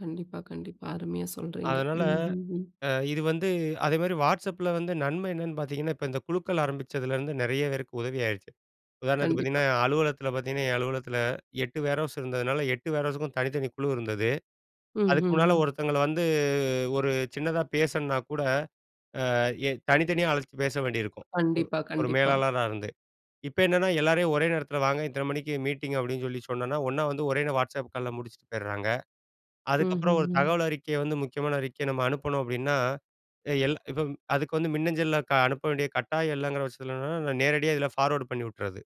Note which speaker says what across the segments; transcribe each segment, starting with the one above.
Speaker 1: கண்டிப்பா, கண்டிப்பா அருமையா சொல்றீங்க.
Speaker 2: அதனால
Speaker 1: ம். ம். ம்.
Speaker 2: அ இது வந்து அதே மாரி WhatsAppல வந்து நன்மை என்னென்னு பாத்தீங்கன்னா, இப்ப இந்த குழுக்கள் ஆரம்பிச்சதுலேருந்து நெறைய பேருக்கு உதவி ஆயிடுச்சு. உதாரணத்துக்கு
Speaker 1: கண்டிப்பா.
Speaker 2: பாத்தீங்கன்னா, அலுவலகத்தில பாத்தீங்கன்னா, என் அலுவலகத்தில 8 வேர்ஹவுஸ் இருந்ததுனால 8 வேர்ஹவுஸ்க்கும் தனித்தனி குழு இருந்தது அதுக்கு முன்னால
Speaker 1: ம்ஹம்ம்.
Speaker 2: ஒருத்தவங்கள வந்து ஒரு சின்னதா பேசுணுன்னா கூட, அ தனித்தனியா அழைச்சு பேச வேண்டியிருக்கும்
Speaker 1: கண்டிப்பா,
Speaker 2: ஒரு
Speaker 1: கண்டிப்பா.
Speaker 2: மேலாளரா இருந்து. இப்போ என்னன்னா எல்லாரையும் ஒரே நேரத்தில வாங்க இத்தன மணிக்கு மீட்டிங் அப்டின்னு சொல்லி சொன்னோம்னா, ஒண்ணா வந்து ஒரே நேரம் WhatsAppகால் முடிச்சிட்டு போயிடுறாங்க. அதுக்கப்புறம் ஒரு
Speaker 1: ம்ஹம்ம்.
Speaker 2: தகவல் அறிக்கை வந்து முக்கியமான அறிக்கைய நம்ம அனுப்பணும் அப்டின்னா, எல் இப்ப அதுக்கு வந்து மின்னஞ்சல்ல அனுப்ப வேண்டிய கட்டாயம் இல்லங்கிற பட்சத்துல நேரடியா இதில ஃபார்வர்ட் பண்ணி விட்றது.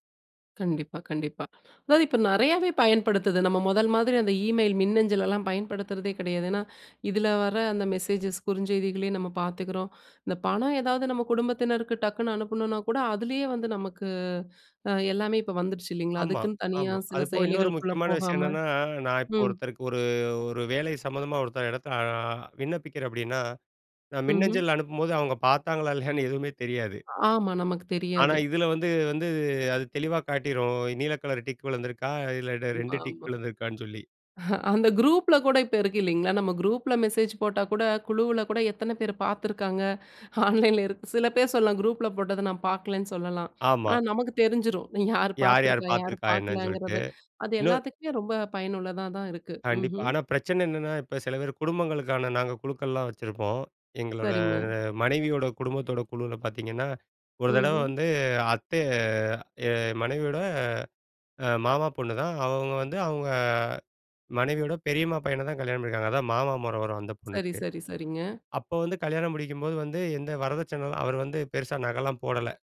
Speaker 1: கண்டிப்பா, கண்டிப்பா. அதாது இப்போ நெறையாவே பயன்படுத்துது. நம்ம முதல் மாரி அந்த இமெயில், மின்னஞ்சல் எல்லாம் பயன்படுத்துறதே கிடையாது. ஏன்னா, இதில் வர அந்த மெசேஜஸ் குறுஞ்செய்திகளயும் நம்ம பாத்துக்கிறோம். இந்த பணம் ஏதாவது நம்ம குடும்பத்தினருக்கு டக்குனு அனுப்பணுனா கூட அதிலேயே வந்து நமக்கு எல்லாமே இப்போ வந்துடுச்சு இல்லங்களா?
Speaker 2: ஆமா,
Speaker 1: அதுக்குன்னு தனியா
Speaker 2: ஆமா.
Speaker 1: சில
Speaker 2: அது போக இன்னொரு
Speaker 1: செயலிகளுக்குள்ள
Speaker 2: முக்கியமான விஷயம்
Speaker 1: போகாம.
Speaker 2: என்னன்னா, நான் இப்போ
Speaker 1: ம்.
Speaker 2: ஒருத்தருக்கு ஒரு, ஒரு வேலை சம்மந்தமா ஒருத்தர் இடத்தில அ விண்ணப்பிக்கிறேன் அப்டின்னா, நான்
Speaker 1: ம்ஹம்.
Speaker 2: மின்னஞ்சல் அனுப்பும்போது அவங்க பாத்தாங்களா, இல்லயான்னு எதுவுமே தெரியாது.
Speaker 1: ஆமா நமக்கு
Speaker 2: ஆனா
Speaker 1: தெரியாது.
Speaker 2: இதில வந்து வந்து அது தெளிவா காட்டிரும். நீல கலர் டிக் விழுந்திருக்கா இல்ல,
Speaker 1: ஆமா,
Speaker 2: 2 டிக்
Speaker 1: ஆமா.
Speaker 2: விழுந்துருக்கான்னு சொல்லி.
Speaker 1: அந்த குரூப்ல கூட இப்போ இருக்கு இல்லங்களா, நம்ம குரூப்ல மெசேஜ் போட்டா கூட குழுவில கூட எத்தன பேர் பாத்துருக்காங்க. ஆன்லன்ல இருக்கு சில பேர் சொல்லலாம் குரூப்ல போட்டத நான் பாக்கலன்னு சொல்லலாம்.
Speaker 2: ஆமா.
Speaker 1: ஆனா, நமக்கு தெரிஞ்சிரும் யார்
Speaker 2: யார், யார்
Speaker 1: பாத்துருக்கா? யார்
Speaker 2: பாத்திருக்கா என்னன்னு சொல்லிட்டு.
Speaker 1: பார்க்கலங்குறது? அது
Speaker 2: இன்னோ
Speaker 1: எல்லாத்துக்குமே ரொம்ப பயனுள்ளதா தான் இருக்கு.
Speaker 2: கண்டிப்பா.
Speaker 1: ம்ஹம்.
Speaker 2: ஆனா பிரச்சன என்னன்னா இப்போ சில பேர் குடும்பங்களுக்கான நாங்க குழுக்கள்லாம் வச்சிருப்போம். எங்களோட
Speaker 1: சரிங்க.
Speaker 2: மனைவியோட குடும்பத்தோட குழுவில் பாத்தீங்கன்னா, ஒரு தடவ
Speaker 1: ம்ஹ்ம்.
Speaker 2: வந்து அத்த என் மனைவியோட மாமா பொண்ணுதான், அவங்க வந்து அவங்க மனைவியோட பெரியம்மா பையன தான் கல்யாணம் பண்ணிருக்காங்க. அதான் மாமா முறை வரும் அந்த
Speaker 1: சரி,
Speaker 2: பொண்ணுக்கு.
Speaker 1: சரி, சரிங்க.
Speaker 2: அப்போ வந்து கல்யாணம் முடிக்கும்போது வந்து எந்த வரதட்சண அவர் வந்து பெருசா நக எல்லாம் போடல.